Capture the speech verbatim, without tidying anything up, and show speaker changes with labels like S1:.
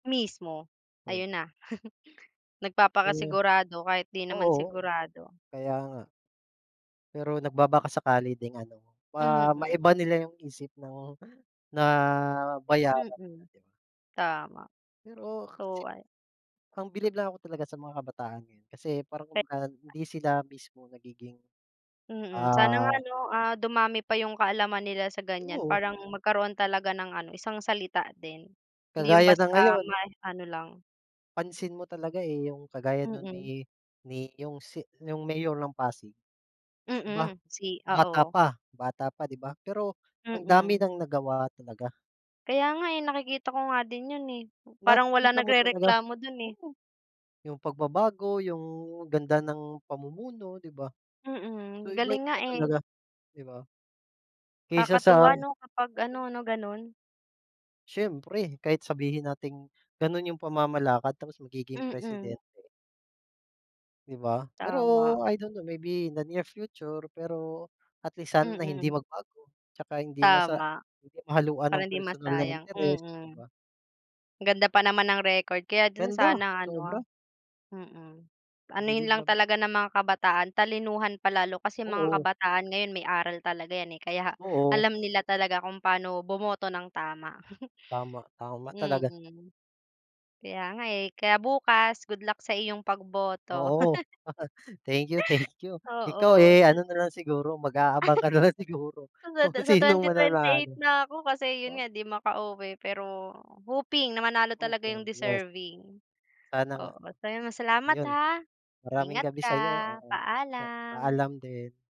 S1: Mismo,
S2: Oh.
S1: ayun na.
S2: Oh,
S1: Nagpapakasigurado kahit di naman
S2: oo,
S1: sigurado.
S2: kaya nga. Pero nagbabakasakali ding ano, ah,
S1: Mm.
S2: maiba nila 'yung isip ng na bayaran.
S1: Mm, tama.
S2: Pero, kasi
S1: So, ah
S2: ang bilib lang ako talaga sa mga kabataan ngayon. Kasi parang
S1: Re
S2: kumbaga hindi sila mismo nagiging,
S1: Mm, sana nga
S2: ah
S1: 'no? Ah, dumami pa 'yung kaalaman nila sa ganiyan
S2: Oo.
S1: parang magkaroon talaga ng ano isang salita din. Hindi 'yun
S2: Kagaya
S1: basta
S2: na ngayon.
S1: may ano lang.
S2: Pansin mo talaga, eh. 'Yung kagaya nun
S1: Mm.
S2: ni ni 'yung si 'yung mayor ng Pasig. Di ba?
S1: Mm, si
S2: Bata
S1: oo.
S2: pa bata pa di ba, pero ang dami
S1: Mm.
S2: ng nagawa talaga.
S1: Kaya nga, eh, nakikita ko nga din 'yun, eh. Parang walang
S2: Nakikita mo talaga.
S1: nagrereklamo do'n, eh.
S2: Oo, 'yung pagbabago, 'yung ganda ng pamumuno, di ba? So
S1: Mm, galing nga,
S2: iba-iba
S1: eh.
S2: talaga. Di ba? Kaysa sa
S1: Kakatuwa 'no? Kapag ano
S2: Oo.
S1: 'no, gano'n.
S2: Siyempre, kahit sabihin nating gano'n 'yung pamamalakad tapos magiging
S1: Mm.
S2: presidente. Di ba? Pero
S1: Tama.
S2: I don't know maybe in the near future, pero at least sana hindi
S1: Mm.
S2: magbago. Tsaka hindi masa
S1: Tama,
S2: hindi mahahaluan
S1: para
S2: ng
S1: hindi
S2: personal na
S1: masayang,
S2: interes, di
S1: mm.
S2: ba?
S1: Ganda pa naman ng record, kaya din
S2: Ganda,
S1: sana
S2: sobra.
S1: ano, mm. Anuhin
S2: Bilib na
S1: lang
S2: bi
S1: talaga ng mga kabataan talinuhan pa lalo, kasi mga
S2: Oo.
S1: kabataan ngayon may aral talaga 'yan, eh, kaya
S2: Oo.
S1: alam nila talaga kung pa'no bumoto ng tama.
S2: Tama, tama, talaga.
S1: Mm, kaya nga, eh, kaya bukas good luck sa iyong pagboto.
S2: Oo. Thank you, thank you. Ikaw,
S1: Oo,
S2: eh,
S1: sala
S2: ano nalang siguro, mag-aabang ka nalang siguro
S1: Sa
S2: kung
S1: sa
S2: sinong
S1: twenty-twenty eight
S2: mananalo,
S1: na ako kasi 'yun
S2: oh.
S1: nga, di makauwi pero hoping na manalo
S2: Oh,
S1: talaga 'yung
S2: thank yes.
S1: deserving.
S2: Sana nga.
S1: Oo, maraming salamat,
S2: Ayun,
S1: ha,
S2: maraming
S1: ingat
S2: gabi
S1: ka.
S2: sa'yo, oo, sa
S1: Paalam.
S2: paalam din.